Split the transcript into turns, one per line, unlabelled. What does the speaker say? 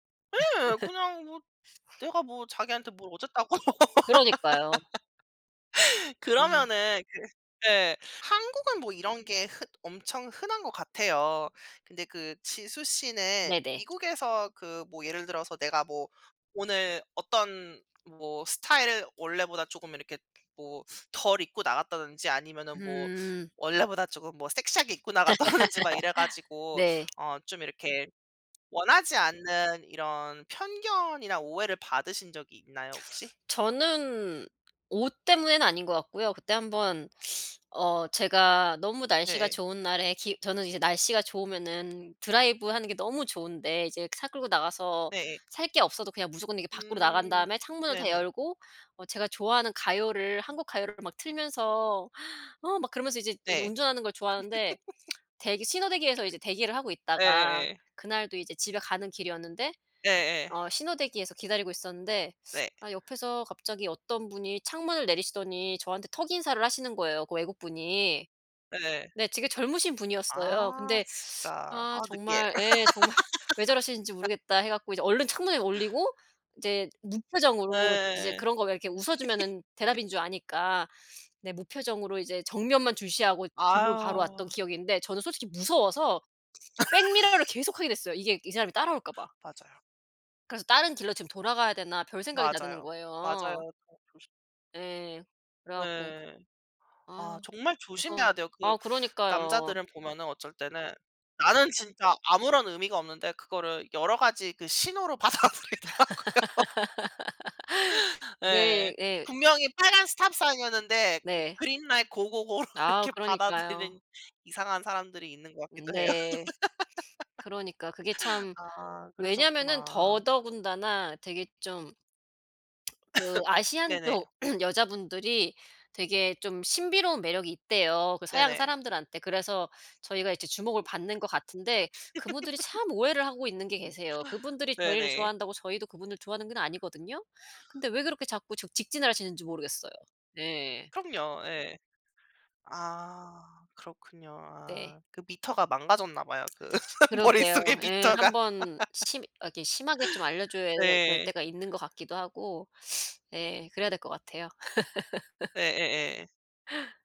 예. 그냥 뭐 내가 뭐 자기한테 뭘 어쨌다고.
그러니까요. 어.
그러면은 그 네 한국은 뭐 이런 게 흔 엄청 흔한 것 같아요. 근데 그 지수 씨는
네네.
미국에서 그 뭐 예를 들어서 내가 뭐 오늘 어떤 뭐 스타일을 원래보다 쪼금 이렇게 뭐 덜 입고 나갔다든지 아니면은 뭐
음.
원래보다 조금 뭐 섹시하게 입고 나갔다든지 막 이래 가지고
네.
어 좀 이렇게 원하지 않는 이런 편견이나 오해를 받으신 적이 있나요 혹시?
저는 옷 때문에는 아닌 것 같고요. 그때 한번 어 제가 너무 날씨가
네예.
좋은 날에 기 저는 이제 날씨가 좋으면은 드라이브하는 게 너무 좋은데 이제 차 끌고 나가서
네예.
살 게 없어도 그냥 무조건 이렇게 밖으로 나간
음
다음에 창문을 다
네네.
열고 어 제가 좋아하는 가요를 한국 가요를 막 틀면서 어 막 그러면서 이제 이렇게
네.
운전하는 걸 좋아하는데 대기 신호 대기에서 이제 대기를 하고 있다가
예예예.
그날도 이제 집에 가는 길이었는데
예예.
어 신호 대기에서 기다리고 있었는데
네.
아 옆에서 갑자기 어떤 분이 창문을 내리시더니 저한테 턱인사를 하시는 거예요, 그 외국분이.
예.
네 되게 젊으신 분이었어요.
아
근데
진짜.
아
아 느끼해.
정말 예 '정말 왜 저러시는지 모르겠다.' 해 갖고 이제 얼른 창문을 올리고 이제 무표정으로 이제
네.
그런 거 왜 이렇게 웃어 주면은 대답인 줄 아니까 네 무표정으로 이제 정면만 주시하고 집으로 바로 왔던
아유.
기억인데 저는 솔직히 무서워서 백미러를 계속 하게 됐어요 이게 이 사람이 따라올까 봐.
맞아요.
그래서 '다른 길로 지금 돌아가야 되나.' 별생각이 다 드는
맞아요. 맞아요.
거예요.
어 조심
예. 그래 갖고
네. 아
아
정말 조심해야
무서운
돼요. 그
아 그러니까요.
남자들을 보면은 어쩔 때는 나는 진짜 아무런 의미가 없는데 그거를 여러 가지 그 신호로 받아들이더라고요. 예.
네 예.
분명히 빨간 스탑 사인이었는데 그
네.
그린라이트 고고고로
아
이렇게
그러니까요.
받아들이는 이상한 사람들이 있는 것 같기도 해요.
네. 그러니까 그게 참
아
왜냐면은
그러셨구나.
더더군다나 되게 좀 그 아시안
네네.
쪽 여자분들이 되게 좀 신비로운 매력이 있대요, 그 서양
네네.
사람들한테. 그래서 저희가 이제 주목을 받는 것 같은데
아
그분들이 참 오해를 하고 있는 게 계세요. 그분들이 저희를
네네.
좋아한다고 저희도 그분들 좋아하는 건 아니거든요. 근데 왜 그렇게 자꾸 적 직진을 하시는지 모르겠어요. 네.
그럼요. 예. 아 그렇군요.
네.
아 그 미터가 망가졌나봐요. 그
그러게요.
머릿속에
예.
미터가.
한번 심 이렇게 심하게 좀 알려 줘야 될
네.
때가 있는 것 같기도 하고 예 그래야 될 것 같아요.
예예예.